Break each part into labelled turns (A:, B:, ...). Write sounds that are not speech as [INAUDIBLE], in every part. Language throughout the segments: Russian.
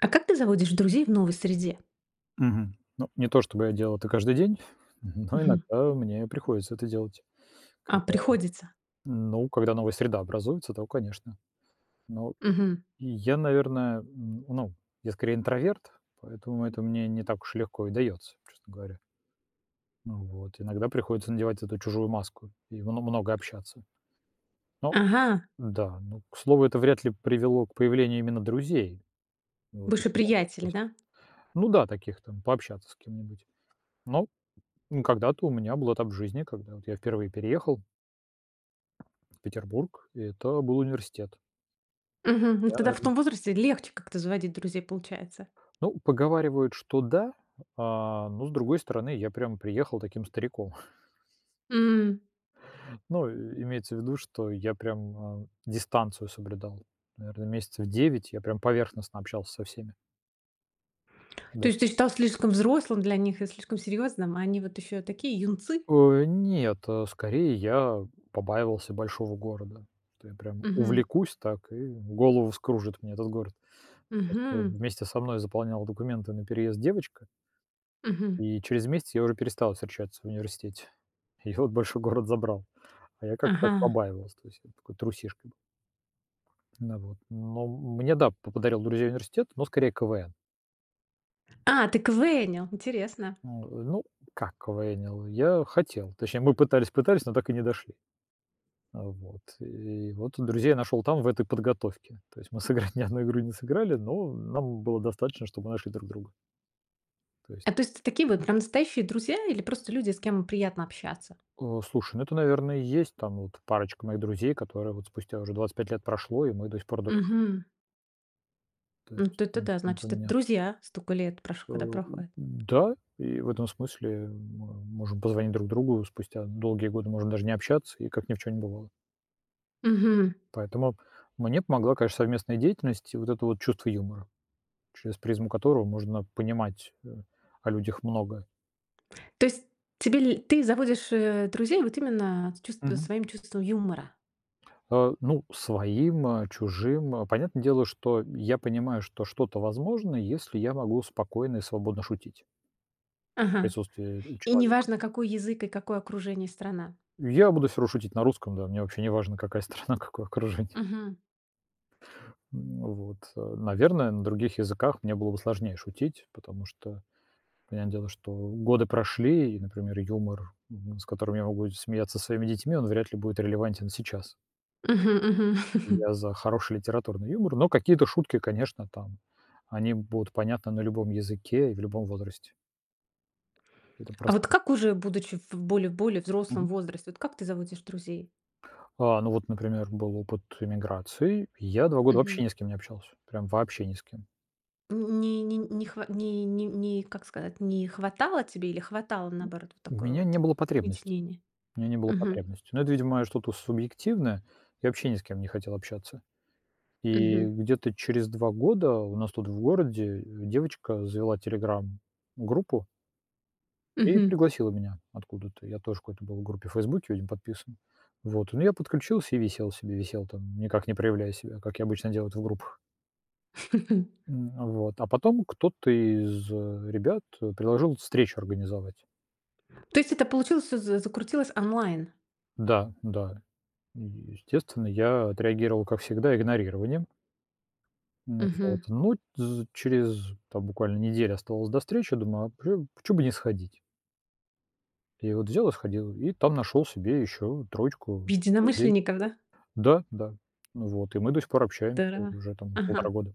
A: А как ты заводишь друзей в новой среде?
B: Мгм. Ну, не то, чтобы я делал это каждый день, [CHUCKLES] н но
A: Мгм.
B: иногда мне приходится это делать.
A: А,
B: Когда,
A: приходится.
B: ну, когда новая среда образуется, то конечно. Но
A: Мгм.
B: я, наверное, н ну, я скорее интроверт, поэтому это мне не так уж легко и дается, честно говоря. Ну вот, иногда приходится надевать эту чужую маску, и мно много общаться. Ну
A: Ага.
B: да, ну, к слову, это вряд ли привело к появлению именно друзей. Вот, и
A: Больше
B: по таких
A: приятели,
B: просто,
A: да?
B: ну да, таких там, пообщаться с кем-нибудь. Но когда-то у меня был этап жизни, когда, вот, я впервые переехал в Петербург, и это был университет.
A: Мгм. Ну
B: Да,
A: тогда в
B: наверно.
A: том возрасте легче как-то заводить друзей, получается?
B: Ну, поговаривают, что да, а, но, с другой стороны, я прям приехал таким стариком. [CHUCKLES]
A: М.
B: Ну и имеется в виду, что я прям, э, дистанцию соблюдал, наверно, месяцев 9 я прям поверхностно общался со всеми.
A: То
B: Даже.
A: есть ты стал слишком взрослым для них и слишком серьезным, а они вот еще такие юнцы?
B: Ой, нет, э, скорее я побаивался большого города, то я прям
A: Мгм.
B: увлекусь так, и голову вскружит мне этот город. Просто
A: Мгм.
B: вместе со мной заполняла документы на переезд девочка
A: Мгм.
B: и через месяц я уже перестал встречаться в университете. Её большой город забрал. А я как-то так
A: Ага.
B: побаивался, то есть, вот, такой трусишкой был. На вот, но мне, да, по подарил друзей университет, но скорее КВН.
A: А, ты КВНил! Интересно!
B: Н э, ну, как КВНил? Я хотел. Точнее, мы пытались пытались, но так и не дошли. Э, вот и вот, и друзей нашёл там, в этой подготовке. То есть мы сыграть ни одну игру не сыграли, но нам было достаточно, что мы нашли друг друга. То есть.
A: А то есть т такие вот,
B: Мгм.
A: прям настоящие друзья, или просто люди, с кем приятно общаться?
B: Э, слушай, ну это, наверное, и есть там вот парочка моих друзей, которая вот спустя уже 25 лет прошло, и мы до сих пор дружим.
A: Мгм.
B: То
A: М,
B: есть,
A: это
B: м,
A: да.
B: не
A: Значит это
B: поменялось.
A: друзья. Стока лет прош
B: А,
A: когда
B: у у,
A: проходит.
B: да, и в этом смысле, мы можем позвонить друг другу спустя долгие годы, можем даже не общаться, и как ни в чём не бывало.
A: Мгм.
B: Поэтому мне помогла, конечно, совместная деятельность и вот это вот чувство юмора, через призму которого можно понимать, э, о людях многое.
A: То есть тебе ле ты заводишь, э, друзей вот, именно с чувст
B: Мгм.
A: своим чувством юмора?
B: А, ну, своим, э, чужим, э. Понятное дело, что я понимаю, что что-то возможно, если я могу спокойно и свободно шутить в
A: Ага.
B: присутствии
A: И не
B: человека.
A: важно, какой язык и какое окружение, страна.
B: Я буду всё равно шутить на русском, да. Мне вообще не важно какая страна, какое окружение.
A: Мгм.
B: М, вот. Э, наверное, на других языках мне было бы сложнее шутить, потому что понятное дело, что годы прошли и, например, юмор, м, с которым я могу смеяться со своими детьми, он вряд ли будет релевантен сейчас.
A: Мгм мгм. [CHUCKLES]
B: Я за хороший литературный юмор, но какие-то шутки, конечно, там они будут понятны на любом языке и в любом возрасте. Это
A: А вот
B: простая
A: как уже будучи в более более взрослом
B: Мгм.
A: возрасте, вот как ты заводишь друзей?
B: А, ну вот, например, был опыт эмиграции- я 2 года вообще
A: Мгм.
B: ни с кем не общался, прям вообще ни с кем.
A: Не не не хва не не не как сказать, не хватало тебе или хватало, наоборот, вот
B: У
A: такое
B: меня не
A: вот
B: было потребности,
A: вытеснение?
B: у меня не было
A: Мгм.
B: потребности. Но это видимое что-то субъективное. Я вообще ни с кем не хотел общаться. И
A: Мгм.
B: где-то через 2 года у нас тут в городе, э, девочка завела "Телеграм"-группу. И
A: Мгм.
B: пригласила меня откуда-то. Я тоже в какой-то был группе в "Фейсбуке", видимо, подписан. Вот, ну, я подключился и висел себе, висел там, никак не проявляя себя, как я обычно делаю это в группах. М, вот,
A: [CHUCKLES]
B: а потом кто-то из ребят, э, предложил встречу организовать.
A: То есть это получилось всё за закрутилось онлайн?
B: Да, да. И, естественно, я отреагировал, как всегда, игнорированием. Ну вот,
A: Мгм.
B: ну, тз через, там буквально неделя оставалась до встречи, думаю, а прю а почему бы не сходить? И вот взял и сходил, и там нашел себе еще
A: В
B: троечку людей.
A: единомышленников, да?
B: Да, да. Ну вот, и мы до сих пор общаемся
A: Тара
B: уже там 1,5
A: Ага.
B: года.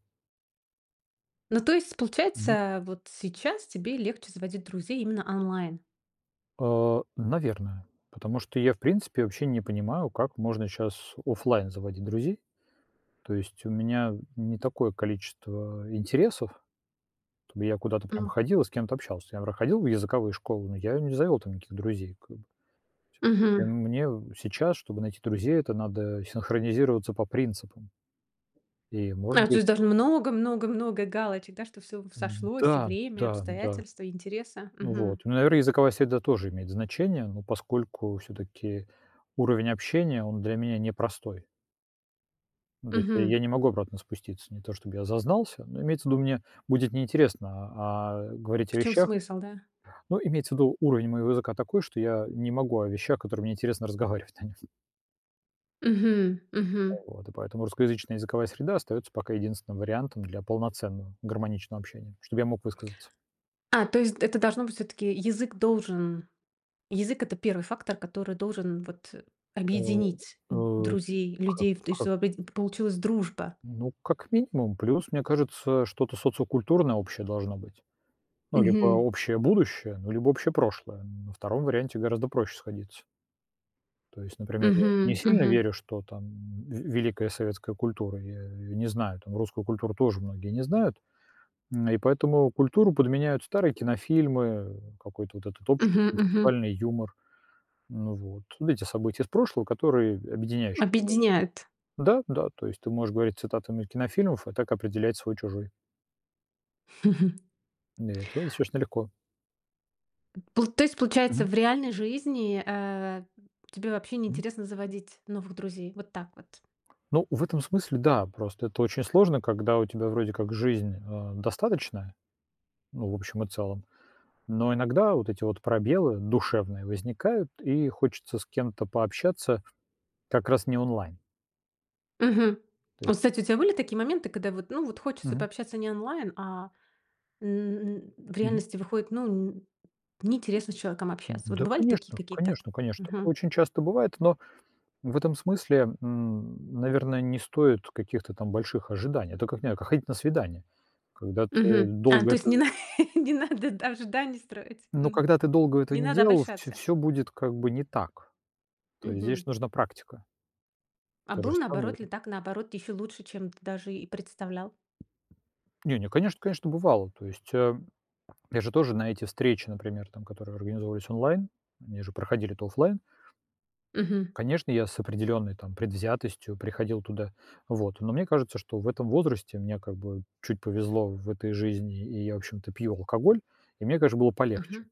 A: Ну то есть
B: Мгм.
A: получается, вот сейчас тебе легче заводить друзей именно онлайн?
B: А, наверное. Потому что я в принципе вообще не понимаю, как можно щас офлайн заводить друзей. То есть у меня не такое количество интересов, чтобы я куда-то прям
A: М.
B: ходил и с кем-то общался. Я вр ходил в языковые школы, но я не завел там никаких друзей как бы. И
A: Мгм.
B: мне сейчас, чтобы найти друзей, это надо синхронизироваться по принципам. И, может
A: А, то
B: быть
A: есть даже много много много галочек, да, что всё в сошлось: и
B: Да,
A: время, и
B: да, да.
A: обстоятельства, и интересы.
B: Ну
A: Мгм.
B: вот. Ну, наверное, языковая среда тоже имеет значение, но поскольку всё-таки уровень общения- он для меня непростой. Ну, то есть я
A: Мгм.
B: я не могу обратно спуститься, не то чтобы я зазнался, но имеется в виду, мне будет неинтересно, а а, говорить
A: В
B: о
A: чём
B: вещах
A: смысл, да.
B: Ну, имеется в виду уровень моего языка такой, что я не могу о вещах, которые мне интересно разговаривать на нём.
A: Мгм,
B: А
A: мгм.
B: вот. И поэтому русскоязычная языковая среда остаётся пока единственным вариантом для полноценного, гармоничного общения, чтобы я мог высказаться.
A: А, то есть это должно быть всё-таки язык должен язык- это 1 фактор, который должен, вот,
B: А,
A: объединить д
B: э,
A: друзей,
B: к
A: людей и в т
B: к
A: что опять п получилась дружба.
B: Ну, как минимум. Плюс, мне кажется, что-то социокультурное общее должно быть. Ну, либо
A: Мгм.
B: общее будущее, ну, либо общее прошлое. На 2 варианте гораздо проще сходиться. То есть, например, я не
A: Мгм,
B: сильно
A: мгм.
B: верю, что там в великая советская культура, я её не знаю, там русскую культуру тоже многие не знают, м, и поэтому культуру подменяют старые кинофильмы, какой-то вот этот общий,
A: Мгм мгм.
B: интеллектуальный юмор. Ну вот. Вот эти события из прошлого, которые объединяющие.
A: Объединяют.
B: [UNINTELLIGIBLE] Да, да, то есть ты можешь говорить цитатами кинофильмов и так определять свой-чужой.
A: [CHUCKLES]
B: Не, это достаточно легко.
A: Пл то есть, получается,
B: Мгм.
A: в реальной жизни, э, тебе вообще
B: Мгм.
A: неинтересно заводить новых друзей? Вот так вот.
B: Ну, в этом смысле, да, просто это очень сложно, когда у тебя вроде как жизнь, э, достаточная, ну в общем и целом, но иногда вот эти вот пробелы душевные возникают и хочется с кем-то пообщаться, как раз не онлайн.
A: Мгм.
B: То
A: О,
B: есть
A: кстати, у тебя были такие моменты, когда вот, ну вот, хочется
B: Мгм.
A: пообщаться не онлайн, а, м, в
B: Мгм.
A: реальности выходит, ну, н неинтересно с человеком общаться? Вот
B: Да,
A: бывали такие
B: конечно,
A: какие-то?
B: конечно, конечно, такое
A: Мгм.
B: очень часто бывает, но в этом смысле, м, наверное, не стоит каких-то там больших ожиданий, это как не как ходить на свидания, когда ты
A: Мгм. А,
B: долго
A: то есть
B: это
A: нена [CHUCKLES] не надо, да, ожиданий строить,
B: но
A: мгм?
B: когда ты долго этого
A: Не
B: не
A: надо
B: делал, всё
A: обольщаться.
B: всё будет как бы не так. То есть
A: Мгм.
B: здесь нужна практика.
A: А
B: То же
A: был
B: самое,
A: наоборот ли,
B: э
A: так наоборот, еще лучше, чем ты даже и представлял?
B: Не не, конечно конечно бывало. То есть, э, [SWALLOWS] я же тоже на эти встречи, например, там, которые организовывались онлайн, они же проходили-то офлайн.
A: Мгм.
B: Конечно, я с определенной там предвзятостью приходил туда, вот. Но мне кажется, что в этом возрасте мне как бы чуть повезло в этой жизни, и я в общем-то пью алкоголь, и мне, даже, было полегче.
A: Мгм,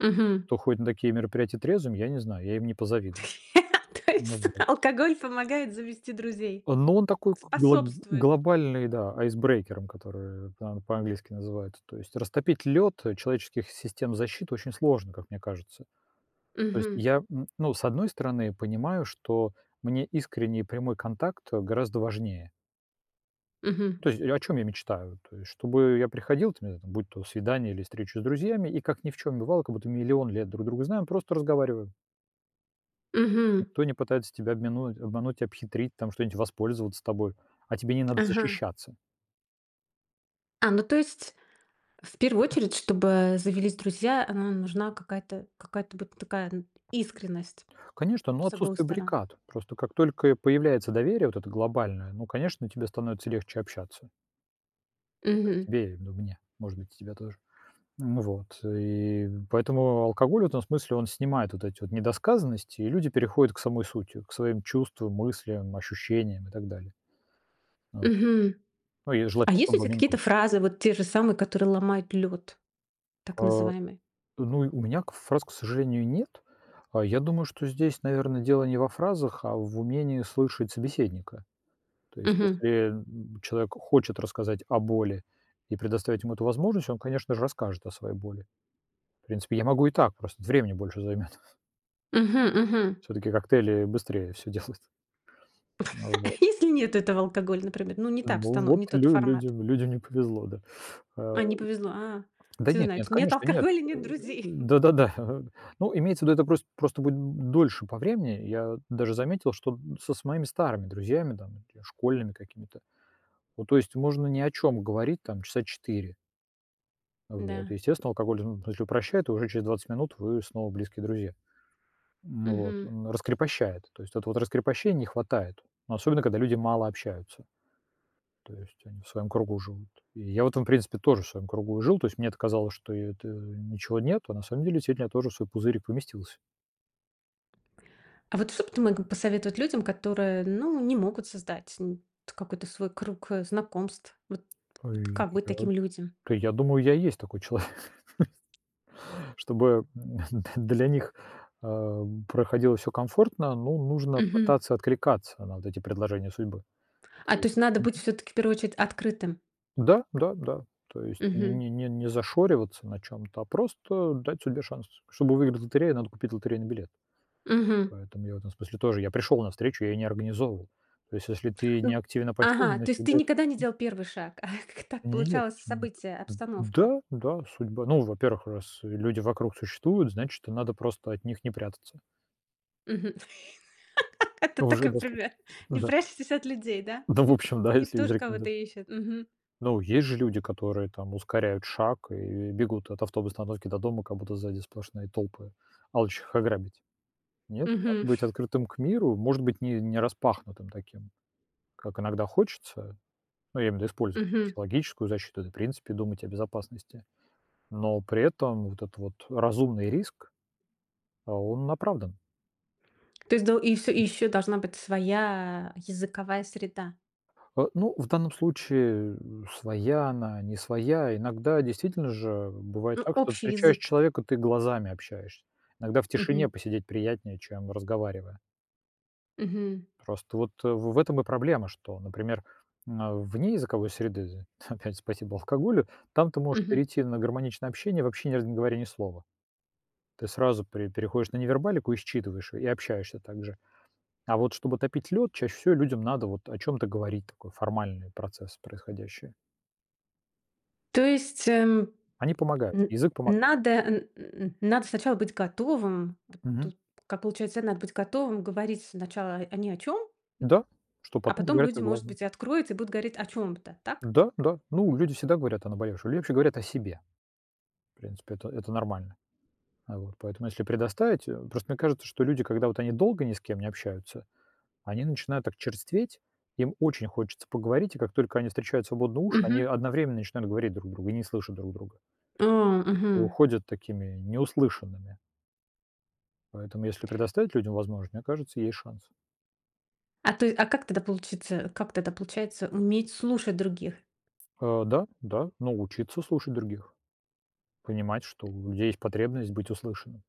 A: мгм.
B: Кто ходит на такие мероприятия трезвыми, я не знаю, я им не позавидую.
A: [LAUGHS] То
B: Ну
A: есть
B: вот.
A: алкоголь помогает завести друзей,
B: Ну, он такой к гл
A: способствует.
B: глобальный, да, айсбрейкером, который там по-английски называется. То есть растопить лед, э, человеческих систем защиты очень сложно, как мне кажется. То есть
A: Мгм.
B: я, м, ну, с одной стороны, понимаю, что мне искренний и прямой контакт гораздо важнее.
A: Мгм.
B: То есть, о чём я мечтаю? То есть, чтобы я приходил, там е будь то свидание или встреча с друзьями, и как ни в чём бывало, как будто миллион лет друг друга знаем, просто разговариваем.
A: Мгм.
B: Никто не пытается тебя обмену обмануть, обхитрить там, что-нибудь воспользоваться тобой, а тебе не надо
A: Ага.
B: защищаться.
A: А, ну то есть, в первую очередь, чтобы завелись друзья, она нужна какая-то какая-то вот такая н искренность
B: Конечно, ну,
A: с обоих
B: отсутствие
A: сторон.
B: баррикад. Просто как только и появляется доверие вот это глобальное, ну, конечно, тебе становится легче общаться. А
A: Мгм.
B: тебе и ду мне, может быть, и тебя тоже. Ну вот. И поэтому алкоголь в этом смысле, он снимает вот эти вот недосказанности, и люди переходят к самой сути, к своим чувствам, мыслям, ощущениям и так далее. А вот.
A: Мгм.
B: Ну и
A: А
B: желательно,
A: есть
B: чтоб
A: у
B: в
A: тебя
B: обмен
A: какие-то
B: там
A: фразы, вот те же самые, которые ломают лёд, так
B: А,
A: называемый?
B: ну, у меня к фраз, к сожалению, нет. А я думаю, что здесь, наверно, дело не во фразах, а в умении слышать собеседника. То есть
A: Мгм.
B: если, м м, человек хочет рассказать о боли, и предоставить ему эту возможность, он, конечно же, расскажет о своей боли. В принципе, я могу и так, просто времени больше займёт. [CHUCKLES]
A: Мгм мгм.
B: Всё-таки коктейли быстрее всё делают. Ну
A: [CHUCKLES] А
B: вот.
A: если нет этого алкоголя, например? Ну, не та
B: Ну
A: обстано
B: вот,
A: не тот
B: лю
A: формат.
B: людям людям не повезло, да. А
A: А, не повезло, а!
B: Да
A: Всё
B: нет-нет,
A: знаете. Нет
B: конечно, нет.
A: алкоголя-
B: Э,
A: нет друзей. [CHUCKLES]
B: да-да-да. [CHUCKLES] Ну, имеется в виду, это прос просто будет д дольше по времени. Я даже заметил, что д со с моими старыми друзьями там и школьными какими-то, ну, то есть можно ни о чём говорить там часа 4. А вот.
A: Да.
B: Естественно, алкоголь, ну, если упрощает, уже через 20 минут вы снова близкие друзья. М вот.
A: Мгм.
B: Он раскрепощает. То есть вот раскрепощений не хватает. Ну, особенно когда люди мало общаются. То есть они в своем кругу живут. И я в этом, в принципе, тоже в своем кругу и жил. То есть мне это казалось, что это ничего нет, а на самом деле сильно я тоже в свой пузырик поместился.
A: А вот что б ты мог посоветовать людям, которые, ну, не могут создать, н т какой-то свой круг, э, знакомств? Вот.
B: А
A: Вот как быть
B: я
A: таким людям?
B: Да, я думаю, я и есть такой человек. [CHUCKLES] Чтобы н д для них, а, проходило всё комфортно, ну, нужно
A: Мгм.
B: пытаться откликаться на вот эти предложения судьбы.
A: А,
B: То
A: то
B: есть
A: есть надо быть
B: Мгм.
A: всё-таки в первую очередь открытым?
B: Да, да, да. То есть не
A: Мгм.
B: не не не зашориваться на чём-то, а просто дать судьбе шанс. Чтобы выиграть в лотерею, надо купить лотерейный билет.
A: Мгм.
B: Поэтому я в этом смысле тоже. Я пришёл на встречу, я её не организовывал. То есть, если ты не
A: Ну
B: активен, а пассивен,
A: Ага, то
B: значит
A: есть ты
B: уже
A: никогда не
B: М.
A: делал 1 шаг? Ах, как так
B: Нет,
A: получалось:
B: нет,
A: событие,
B: н
A: обстановка?
B: Да, да, судьба. Ну, во-первых, раз, э, люди вокруг существуют, значит, что надо просто от них не прятаться.
A: Мгм, [LAUGHS] это
B: Уже
A: такой
B: доступ
A: пример, не
B: Да.
A: прячьтесь от людей, да?
B: Да в
A: [CHUCKLES]
B: общем, да,
A: Они
B: если есть
A: тоже
B: рекоменда
A: кого-то ищут, мгм.
B: Но есть же люди, которые там ускоряют шаг и бегут от автоб остановки до дома, как будто сзади сплошные толпы, алчущих их ограбить. Нет? А
A: Мгм.
B: быть открытым к миру, может быть, ни не распахнутым таким, как иногда хочется. Ну, я имею в виду использовать какую-то
A: Мгм.
B: психологическую защиту, да и в принципе думать о безопасности, но при этом вот этот вот разумный риск, а, он оправдан.
A: То есть дол и всё и
B: М.
A: ещё должна быть своя языковая среда?
B: Э, ну, в данном случае, э, своя она, не своя. Иногда действительно же бывает
A: Ну,
B: так, что
A: общий
B: встречаешь
A: язык.
B: человека, ты глазами общаешься. Иногда в
A: Мгм.
B: тишине посидеть приятнее, чем разговаривая.
A: Мгм.
B: Просто вот, э, в этом и проблема, что, например, на вне языковой среды, з [CHUCKLES] опять спасибо алкоголю, там ты можешь
A: Мгм.
B: перейти на гармоничное общение, вообще ни раза не говоря ни слова. Ты сразу пре переходишь на невербалику и считываешь её, и общаешься так же. А вот чтобы топить лёд, чаще всего людям надо вот о чём-то говорить, такой формальный процесс происходящее.
A: То есть, эм,
B: Они помогают,
A: н
B: язык помогает.
A: надо, н н н надо сначала быть готовым? Вот
B: Мгм.
A: тут как получается: надо быть готовым, говорить сначала о ни о чём, м,
B: Да, чтоб
A: а
B: потом
A: потом
B: поговорить о
A: люди, может
B: главном.
A: быть, и откроются и будут говорить о чём-то. Так?
B: Да, да, ну, люди всегда говорят о наболевшем, либо вообще говорят о себе. В принципе, это это нормально. А вот. Поэтому если предоставить, э, просто мне кажется, что люди, когда вот они долго ни с кем не общаются, они начинают так черстветь, им очень хочется поговорить, и как только они встречают свободные уши, они
A: Мгм.
B: одновременно начинают говорить друг другу и не слышат друг друга.
A: А,
B: И
A: мгм.
B: уходят такими не услышанными. Поэтому, если предоставить людям возможн мне кажется, есть шанс.
A: А ты а как тогда получится как тогда получается уметь слушать других?
B: А, да, да, ну, учиться слушать других, понимать, что у людей есть потребность быть услышанным.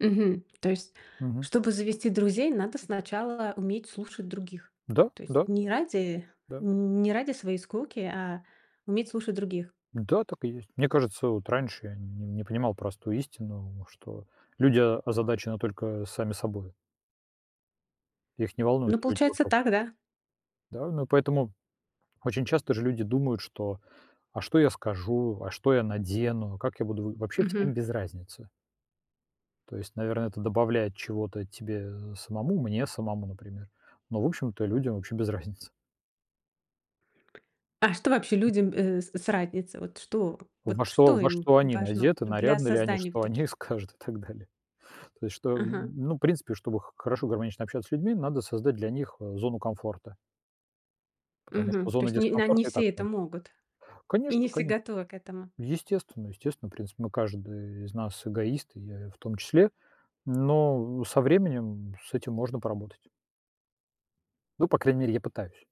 A: Мгм. То есть,
B: Мгм.
A: чтобы завести друзей, надо сначала уметь слушать других,
B: Да,
A: то есть
B: да.
A: не ради
B: Да.
A: не ради своей скуки, а уметь слушать других.
B: Да, так и есть. Мне кажется, вот раньше я нь не понимал простую истину, что люди озадачены только сами собою. Их не
A: Ну,
B: волнуют люди
A: получается
B: вокруг.
A: так, да?
B: Да, ну и поэтому очень часто же люди думают, что: "А что я скажу? А что я надену? А как я буду в". Вообще всем
A: Мгм.
B: без разницы. То есть, наверно, это добавляет чего-то тебе, э, самому, мне самому, например, но, в общем-то, людям вообще без разницы.
A: А что вообще людям, э, с с разница? Вот что
B: Во
A: вот
B: что
A: что
B: во
A: им
B: что они
A: важно
B: надеты,
A: для
B: нарядно ли они,
A: создания вот
B: что
A: таких
B: они скажут и так далее. То есть, что, н н
A: Ага.
B: ну, в принципе, чтобы х хорошо гармонично общаться с людьми, надо создать для них, э, зону комфорта. Потому
A: Мгм.
B: что
A: То
B: зоны
A: есть не на не
B: дискомфорта и так
A: все это
B: много.
A: могут, и не
B: Конечно,
A: все
B: коне
A: готовы к этому.
B: Естественно, естественно, в принципе, мы, каждый из нас эгоист, и я, э, в том числе, но со временем с этим можно поработать. Ну, по крайней мере, я пытаюсь.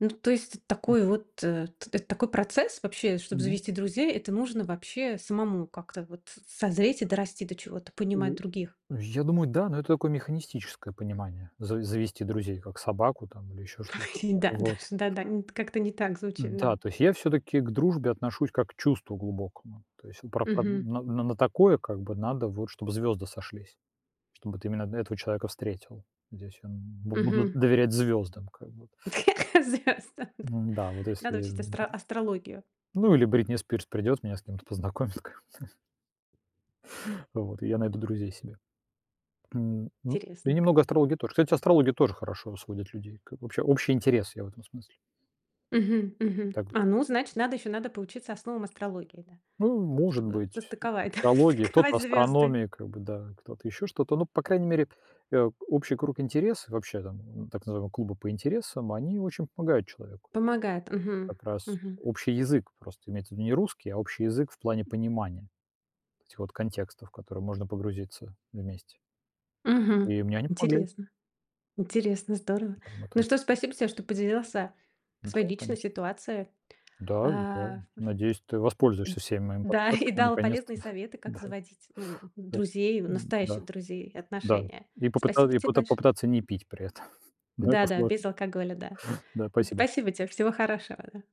A: Ну, то есть это
B: М.
A: такой вот, э, это такой процесс, вообще, чтоб
B: Мгм.
A: завести друзей: это нужно, вообще, самому как-то вот созреть и дорасти до чего-то, понимать других.
B: Я думаю, да, но это такое механистическое понимание за завести друзей как собаку там или еще что-то.
A: Ой,
B: А
A: да,
B: вот.
A: даж да-да, не как-то не так звучит,
B: Да,
A: да.
B: то есть я всё-таки к дружбе отношусь как к чувству глубокому. То есть, а про одн
A: Мгм.
B: н на на такое как бы надо вот, чтоб звёзды сошлись. Чтобы ты именно на этого человека встретил. Здесь он бу буду
A: Мгм.
B: доверять звёздам, как бы
A: [LAUGHS] Зря, с да.
B: во Н-да, вот
A: Надо
B: если,
A: учить
B: м
A: астро астрологию.
B: Ну, или Бритни Спирс придёт, меня с кем-то познакомит ком то. Вот, и я найду друзей себе. М, ну и
A: Интересно.
B: немного астрологии тоже. Кстати, астрология тоже хорошо сводит людей, как вообще, общий интерес, я в этом смысле.
A: Мгм, мгм.
B: Так.
A: А, ну, значит, надо еще, надо поучиться основам астрологии, да.
B: Ну, может
A: Чтобы
B: быть, се
A: состыковать, да,
B: астрология, кто-то
A: состыковать звезды.
B: астрономия, как бы да. Кто-то ещё что-то, но, по крайней мере, э, общий круг интересов, вообще там, так называемые клубы по интересам, они очень помогают человеку.
A: Помогает. Мгм,
B: Как раз
A: мгм.
B: общий язык, просто имеется в виду не русский, а общий язык в плане понимания вот этих вот контекстов, в которые можно погрузиться вместе.
A: Мгм.
B: И мне они помогли.
A: Интересно. Интересно, здорово.
B: Там мы
A: Ну
B: тоже
A: что ж, спасибо тебе, что поделился
B: Да,
A: своей личной
B: конечно.
A: ситуацией.
B: Да, да.
A: Э,
B: Надеюсь, ты
A: Эд
B: воспользуешься всеми моими
A: да, и
B: подсказками
A: дал
B: наконец-то,
A: полезные советы, как
B: да. Да,
A: заводить, ну,
B: да.
A: друзей,
B: Н-да.
A: настоящих друзей,
B: Да,
A: отношения.
B: и попыта
A: Спасибо
B: и
A: тебе
B: поты
A: большое.
B: попытаться не пить при этом. [CHUCKLES] Но это
A: Да-да, без
B: сложно.
A: алкоголя, да.
B: Да,
A: Н
B: спасибо.
A: спасибо тебе, всего хорошего, да.